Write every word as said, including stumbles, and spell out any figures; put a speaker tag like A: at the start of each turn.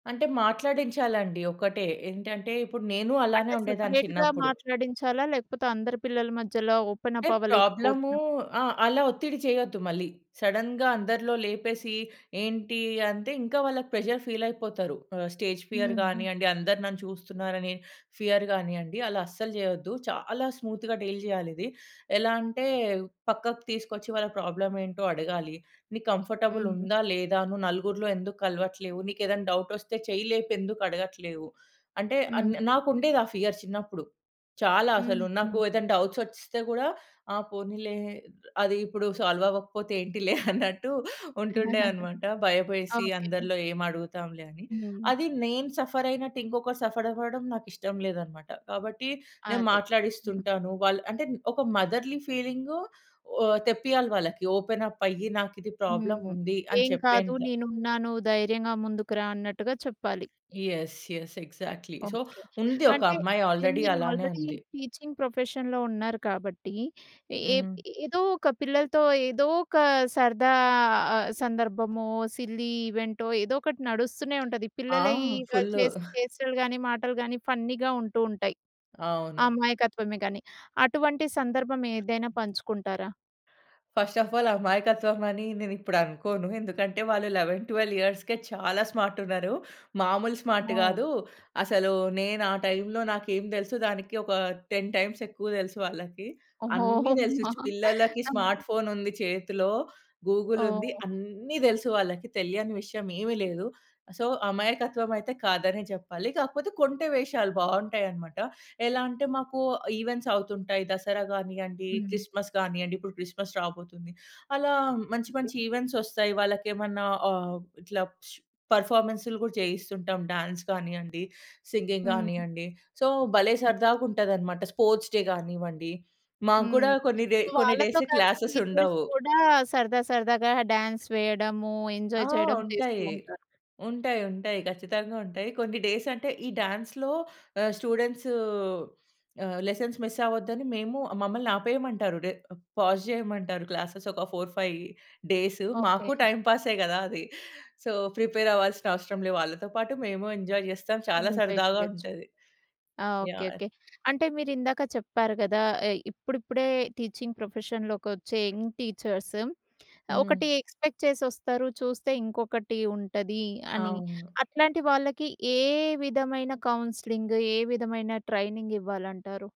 A: అంటే మాట్లాడించాలండి. ఒకటే ఏంటంటే, ఇప్పుడు నేను అలానే
B: అంటే
A: ఉండేదాన్ని
B: సపరేట్‌గా
A: చిన్నప్పుడు.
B: మాట్లాడించాలా? లేకపోతే, అందరి పిల్లల మధ్యలో ఓపెనప్
A: అంటే ప్రాబ్లమూ
B: అవ్వలేకపోతున్న
A: ఆ! అలా ఒత్తిడి చేయొద్దు మళ్ళీ. సడెన్‌గా అందరిలో లేపేసి, ఏంటి అంతే ఇంకా వాళ్ళకి ప్రెజర్ ఫీలైపోతారు. ఆహ్, స్టేజ్ ఫియర్
B: హ్మ్. హ్మ్.
A: గానియ్యండి, అందరు నన్ను చూస్తున్నారనే ఫియర్ గానియ్యండి. అలా అస్సలు జేయొద్దు. చాలా స్మూత్‌గా డీల్ జేయాలిది. ఎలా అంటే పక్కకు తీసుకొచ్చి, వాళ్ళ ప్రాబ్లమేంటో అడగాలి. నీకు కంఫర్టబుల్
B: హుహు.
A: ఉందా, లేదా నువు నలుగురిలో ఎందుక్కలవట్లేవు, నీకేదైనా డౌటొస్తే చెయ్యిలేపి ఎందుకు అడగట్లేవు, అంటే అన్
B: హ్మ్.
A: నాకుండేది ఆ ఫియర్ చిన్నప్పుడు. చాలా అసలు
B: హ్మ్.
A: నాకు
B: హ్మ్.
A: ఏదైనా డౌట్స్ వచ్చేస్తే గూడా ఆ పోనీలే, అదీ ఇప్పుడు సాల్వ్ అవ్వకపోతే ఏంటిలే అన్నట్టు ఉంటుండే అనమాట. భయపేసి
B: ఓకే.
A: అందరిలో ఏమడుగుతాంలే అని.
B: హ్మ్.
A: అది నేను సఫర్ అయినట్టు ఇంకొకరు సఫరవ్వడం నాకిష్టం లేదనమాట. కాబట్టి నేను
B: అదే.
A: మాట్లాడిస్తుంటాను వాళ్ళు అంటే ఒక మదర్‌లీ ఫీలింగ ఓ తెప్పియాలి వాళ్ళకి. ఓపెనప్పయ్యి. నాకిది
B: హ్మ్.
A: ప్రాబ్లముంది అని
B: ఏం కాదు.
A: చెప్పేంత.
B: నేనున్నాను ధైర్యంగా ముందుకురా అన్నట్టుగా చెప్పాలి.
A: Yes. Yes. Exactly. So,
B: okay.
A: ఉంది ఒక
B: అంటే
A: అమ్మాయి
B: యాహ్!
A: ఆల్రెడీ
B: మీరు
A: అలానే
B: ఆల్రెడీ
A: ఉంది.
B: టీచింగ్ ప్రొఫెషన్‌లో ఉన్నారు కాబట్టి, ఏప్
A: హ్మ్.
B: ఏదో ఒక పిల్లలతో ఏదోక సరదా సందర్భమో, సిల్లీ ఈవెంటో ఏదోకటి నడుస్తూనే ఉంటది.
A: ఆ!
B: పిల్లలయి గలి
A: ఫుల్లు.
B: చేసే చేష్టలు గానీ, మాటలు గానీ ఫన్నీ‌గా ఉంటూ ఉంటాయి.
A: అవును.
B: అమాయకత్వమే గానీ. అటువంటి సందర్భం ఏదైనా పంచుకుంటారా?
A: ఫస్ట్ ఆఫ్ ఆల్ అమాయకత్వం అని నేనిప్పుడనుకోను. ఎందుకంటే, వాళ్ళు లెవన్ ట్వెల్వ్ ఇయర్స్‌కే చాలా స్మార్టున్నారు. మామూలు స్మార్ట్
B: నో.
A: గాదు. అసలు నేను ఆ టైంలో నాకేం దెలుసు దానికి ఒక టెన్ టైమ్స్ ఎక్కువ దెలుసు వాళ్ళకి.
B: ఓహో!
A: అన్నీ దెలుసు
B: అమ్మా!
A: పిల్లలకి
B: అన్నటు.
A: స్మార్ట్ ఫోనుంది చేతిలో. గూగులుంది.
B: ఓహ్!
A: అన్ని దెలుసు వాళ్ళకి తెలియని విషయం ఏమి లేదు. సో, అమాయకత్వం అయితే కాదనే జెప్పాలి. కాకపోతే కొంటె వేషాలు బావుంటాయనమాట. ఎలా అంటే, మాకు ఈవెంట్సవుతుంటాయి. దసరా గానియ్యండి,
B: హ్మ్.
A: క్రిస్మస్ గానియ్యండి. ఇప్పుడు క్రిస్మస్ రాబోతుంది. అలా మంచి,
B: ఓకే.
A: మంచి ఈవెంట్సొస్తాయి వాళ్ళకేమన్నా ఆహ్, ఇట్లా పర్ఫార్మన్స్‌లు గూడా జేయిస్తుంటాం. డాన్స్ గానియ్యండి, సింగింగ్
B: హ్మ్.
A: గానియ్యండి. సో, భలే
B: హ్మ్.
A: సరదాగుంటదనమాట. స్పోర్ట్స్ డే గానివ్వండి, మాకు గూడా
B: హ్మ్.
A: కొన్ని రే
B: సో,
A: కొన్ని
B: వాళ్ళతో
A: డేస్‌కి
B: కలిసి టీచర్స్
A: క్లాసెసుండవు.
B: కూడా సరదా, సరదాగా డాన్స్ వేయడము,
A: ఆ!
B: ఎంజాయ్ చేయడం చేస్తూ
A: ఉంటాయి.
B: ఉంటారు.
A: ఉంటాయి. ఉంటాయి. ఖచ్చితంగుంటాయి. కొన్ని డేసంటే ఈ డాన్స్‌లో ఆహ్, స్టూడెంట్సూ ఆహ్, లెసన్స్ మిసవ్వద్దని. మేము మమ్మల్ని ఆపేయమంటారు. డె పాజ్ జేయమంటారు క్లాసెస్ ఒక ఫోర్ ఫై డేస్
B: ఓకే.
A: మాకు టైంపాసే గదా! అది. సో, ప్రిపేరవ్వాల్సిన అవసరం లే. వాళ్ళతో పాటు మేము ఎంజాయ్ జేస్తాం చాలా
B: ఎంజాయ్
A: సరదాగా
B: చేయచ్చు.
A: ఉంటది.
B: ఆ! ఓకే.
A: యాహ్!
B: ఓకే. అంటే మీరిందాక చెప్పారు గదా! ఎ ఇప్పుడిప్పుడే టీచింగ్ ప్రొఫెషన్‌లోకొచ్చే యంగ్ టీచర్స్
A: హ్మ్.
B: ఒకటి ఎక్స్‌పెక్ట్ చేసొస్తారు. చూస్తే ఇంకొకటి ఉంటది అని,
A: అవును.
B: అట్లాంటి వాళ్ళకి ఏ విధమైన కౌన్సిలింగ్, ఏ విధమైన ట్రైనింగివ్వాలంటారు?